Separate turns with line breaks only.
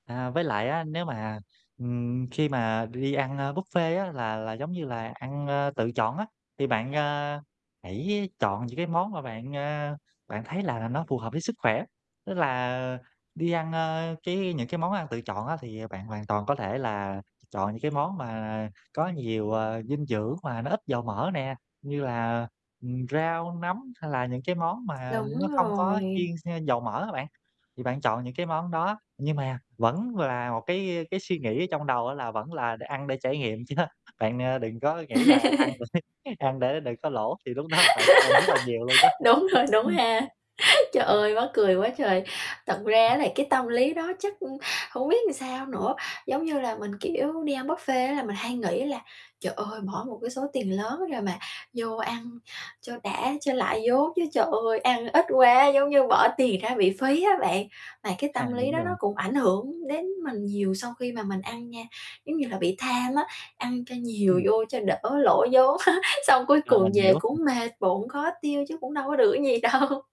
À, với lại á, nếu mà, ừm, khi mà đi ăn, a, buffet là là giống như là ăn, a, tự chọn á, thì bạn, a, hãy chọn những cái món mà bạn, a, bạn thấy là nó phù hợp với sức khỏe, tức là đi ăn, a, cái những cái món ăn tự chọn thì bạn hoàn toàn có thể là chọn những cái món mà có nhiều, ờ, dinh dưỡng mà nó ít dầu mỡ nè, như là, ừm, rau, nấm hay là những cái món mà
Đúng
nó không có chiên,
rồi.
ha, dầu mỡ á bạn, thì bạn chọn những cái món đó. Nhưng mà vẫn là một cái cái suy nghĩ ở trong đầu á, là vẫn là để ăn để trải nghiệm chớ bạn, a, đừng có nghĩ là ăn để ăn để đừng có lỗ thì lúc đó bạn phải ăn rất là nhiều luôn đó.
Đúng rồi, đúng
Ừm.
ha Trời
Ừm.
ơi, mắc cười quá trời. Thật ra
Ừm.
á, là cái tâm lý đó chắc hổng biết sao nữa, giống như là mình, kiểu, đi ăn buffet á là mình hay nghĩ là "Trời ơi, bỏ một cái số tiền lớn rồi mà vô ăn cho đã, cho lại vốn chứ trời ơi, ăn ít quá, giống như bỏ tiền ra bị phí á bạn." Mà cái
À,
tâm lý
đúng
đó
rồi.
nó cũng ảnh hưởng đến mình nhiều sau khi mà mình ăn nha, giống như là bị tham á, ăn cho nhiều
Ừm.
vô cho đỡ lỗ vốn xong cuối
Ờ,
cùng
mình
về
hiểu, ừm.
cũng mệt bụng, khó tiêu chứ cũng đâu có được gì đâu.